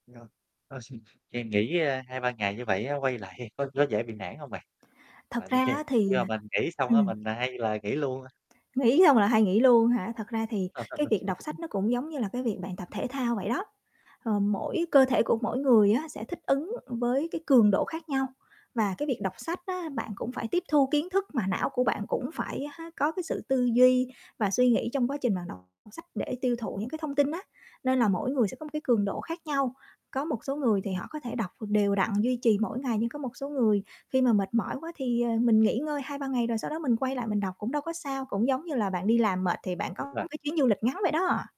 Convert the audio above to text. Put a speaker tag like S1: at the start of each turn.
S1: [unintelligible] Ờ, nghỉ, ơ, 2, 3 ngày như vậy á quay lại thì có có dễ bị nản hông bạn?
S2: Thật
S1: Tại vì
S2: ra
S1: khi
S2: á thì
S1: khi mà mình nghỉ xong á
S2: ừm.
S1: mình hay là nghỉ luôn á.
S2: Nghỉ xong là hay nghỉ luôn hả? Thật ra thì cái việc đọc sách nó cũng giống như là cái việc bạn tập thể thao vậy đó, ờ, mỗi cơ thể của mỗi người á sẽ thích ứng với cái cường độ khác nhau. Và cái việc đọc sách á
S1: Ừm.
S2: bạn cũng phải tiếp thu kiến thức mà não của bạn cũng phải, há, có cái sự tư duy và suy nghĩ trong quá trình bạn đọc sách để tiêu thụ những cái thông tin á, nên là mỗi người sẽ có một cái cường độ khác nhau. Có một số người thì
S1: Ừm.
S2: họ có thể đọc đều đặn duy trì mỗi ngày nhưng có một số người khi mà mệt mỏi quá thì, ờ, mình nghỉ ngơi 2, 3 ngày rồi sau đó mình quay lại mình đọc cũng đâu có sao. Cũng giống như là bạn đi làm mệt thì
S1: Ừm,
S2: bạn
S1: đúng
S2: có
S1: rồi.
S2: cái chuyến du lịch ngắn vậy đó.